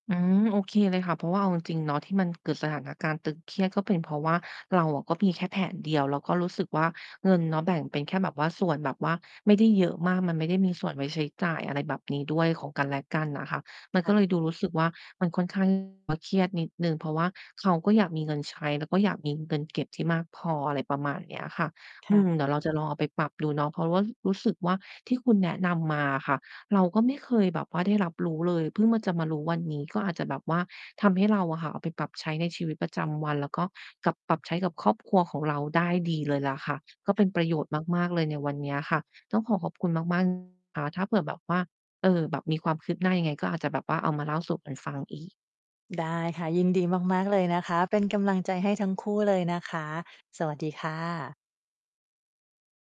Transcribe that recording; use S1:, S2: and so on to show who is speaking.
S1: อืม โอเคเลยค่ะ เพราะว่าเอาจริง ๆ เนาะ ที่มันเกิดสถานการณ์ตึงเครียด ก็เป็นเพราะว่า เราอะก็มีแค่แผนเดียว ก็รู้สึกว่า เงินเนาะแบ่งเป็นแค่แบบว่าส่วนแบบว่าไม่ได้เยอะมาก มันไม่ได้มีส่วนไว้ใช้จ่าย อะไรแบบนี้ด้วย ของกันและกันน่ะค่ะ มัน
S2: ค
S1: ก
S2: ่
S1: ็
S2: ะ
S1: เลยดูรู้สึกว่า มันค่อน ข้าง แบบว่าเครียดนิดหนึ่ง เพราะว่า เขาก็อยากมีเงินใช้ แล้วก็อยากมีเงินเก็บที่มากพอ อะไรประมาณเนี้ยค่ะ
S2: ค
S1: อื
S2: ่ะ
S1: ม เดี๋ยวเราจะลองเอาไปปรับดูเนาะ เพราะว่า รู้สึกว่า ที่คุณแนะนำมาอะค่ะ เราก็ไม่เคยแบบว่าได้รับรู้เลย เพิ่งมา จะมารู้วันนี้ ก็อาจจะแบบว่าทำให้เราอะค่ะเอาไปปรับใช้ในชีวิตประจำวัน แล้วก็กับ ปรับใช้กับครอบครัวของเราได้ดีเลยล่ะค่ะ ก็เ
S2: ค
S1: ป็
S2: ่ะ
S1: นประโยชน์มาก ๆ เลยในวันเนี้ยค่ะ ต้องขอขอบคุณมาก มาก นะคะ ถ้าเผื่อแบบว่า เอ่อ แบบมีความคืบหน้ายังไง ก็อาจจะแบบว่าเอามาเล่าสู่กันฟังอีก
S2: ได้ค่ะ ยินดีมาก ๆ เลยนะคะ เป็นกำลังใจให้ทั้งคู่เลยนะคะ สวัสดีค่ะ